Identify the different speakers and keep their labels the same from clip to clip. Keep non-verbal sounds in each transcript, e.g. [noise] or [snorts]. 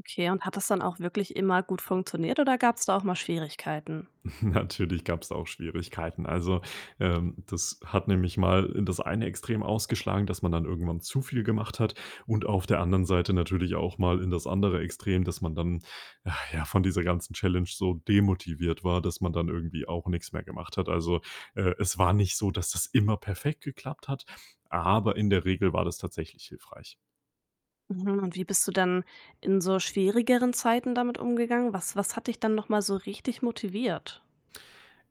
Speaker 1: Okay, und hat das dann auch wirklich immer gut funktioniert oder gab's da auch mal Schwierigkeiten?
Speaker 2: [chuckles] Natürlich gab's auch Schwierigkeiten. Also, ähm, das hat nämlich mal in das eine Extrem ausgeschlagen, dass man dann irgendwann zu viel gemacht hat. Und auf der anderen Seite natürlich auch mal in das andere Extrem, dass man dann, [sighs] ja, von dieser ganzen Challenge so demotiviert war, dass man dann irgendwie auch nix mehr gemacht hat. Also, äh, es war nicht so, dass das immer perfekt geklappt hat, aber in der Regel war das tatsächlich hilfreich.
Speaker 1: Mhm, und wie bist du dann in so schwierigeren Zeiten damit umgegangen? Was was hat dich dann nochmal so richtig motiviert?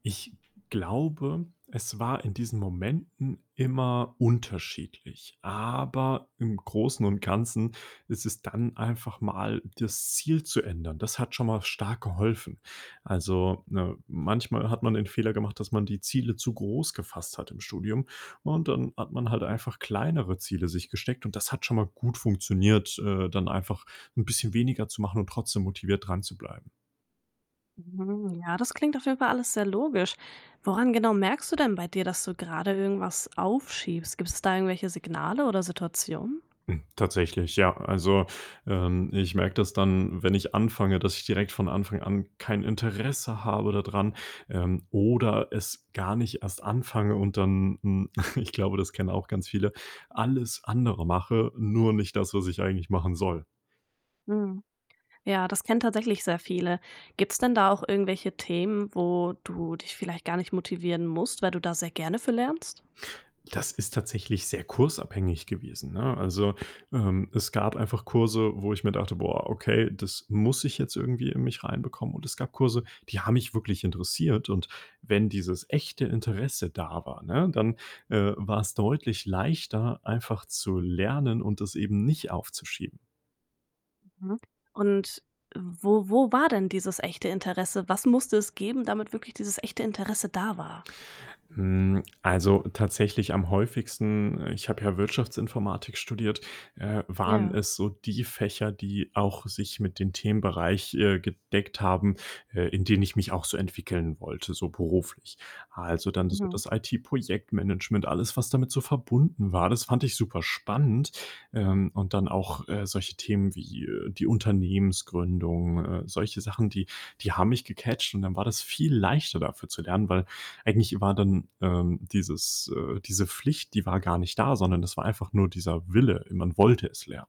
Speaker 2: Ich glaube, es war in diesen Momenten immer unterschiedlich. Aber im Großen und Ganzen ist es dann einfach mal das Ziel zu ändern. Das hat schon mal stark geholfen. Also, ne, manchmal hat man den Fehler gemacht, dass man die Ziele zu groß gefasst hat im Studium. Und dann hat man halt einfach kleinere Ziele sich gesteckt und das hat schon mal gut funktioniert, äh, dann einfach 'n bisschen weniger zu machen und trotzdem motiviert dranzubleiben.
Speaker 1: Hm, ja, das klingt auf jeden Fall alles sehr logisch. Woran genau merkst du denn bei dir, dass du grade irgendwas aufschiebst? Gibt's da irgendwelche Signale oder Situationen?
Speaker 2: Hm, tatsächlich, ja. Also, ähm, ich merke das dann, wenn ich anfange, dass ich direkt von Anfang an kein Interesse habe da dran, ähm, oder es gar nicht erst anfange und dann hm, [snorts] ich glaube, das kennen auch ganz viele, alles andere mache, nur nicht das, was ich eigentlich machen soll.
Speaker 1: Mhm. Ja, das kennen tatsächlich sehr viele. Gibt's denn da auch irgendwelche Themen, wo du dich vielleicht gar nicht motivieren musst, weil du da sehr gerne für lernst?
Speaker 2: Das ist tatsächlich sehr kursabhängig gewesen, ne? Also, ähm, es gab einfach Kurse, wo ich mir dachte: „Boah, okay, das muss ich jetzt irgendwie in mich reinbekommen.“ Und es gab Kurse, die haben mich wirklich interessiert. Und wenn dieses echte Interesse da war, ne, dann, äh, war's deutlich leichter, einfach zu lernen und das eben nicht aufzuschieben.
Speaker 1: Mhm. Und wo wo war denn dieses echte Interesse? Was musste es geben, damit wirklich dieses echte Interesse da war?
Speaker 2: Hm, also, tatsächlich am häufigsten ich habe ja Wirtschaftsinformatik studiert äh, waren
Speaker 1: Ja.
Speaker 2: es so die Fächer, die auch sich mit den Themenbereich, äh, gedeckt haben, äh, in denen ich mich auch so entwickeln wollte, so beruflich. Also, dann so
Speaker 1: Mhm.
Speaker 2: das IT-Projektmanagement, alles, was damit so verbunden war, das fand ich super spannend. Ähm, und dann auch, äh, solche Themen wie, äh, die Unternehmensgründung, äh, solche Sachen, die die haben mich gecatcht. Und dann war das viel leichter, dafür zu lernen, weil eigentlich war dann, ähm, dieses äh, diese Pflicht, die war gar nicht da, sondern das war einfach nur dieser Wille. Äh, man wollte es lernen.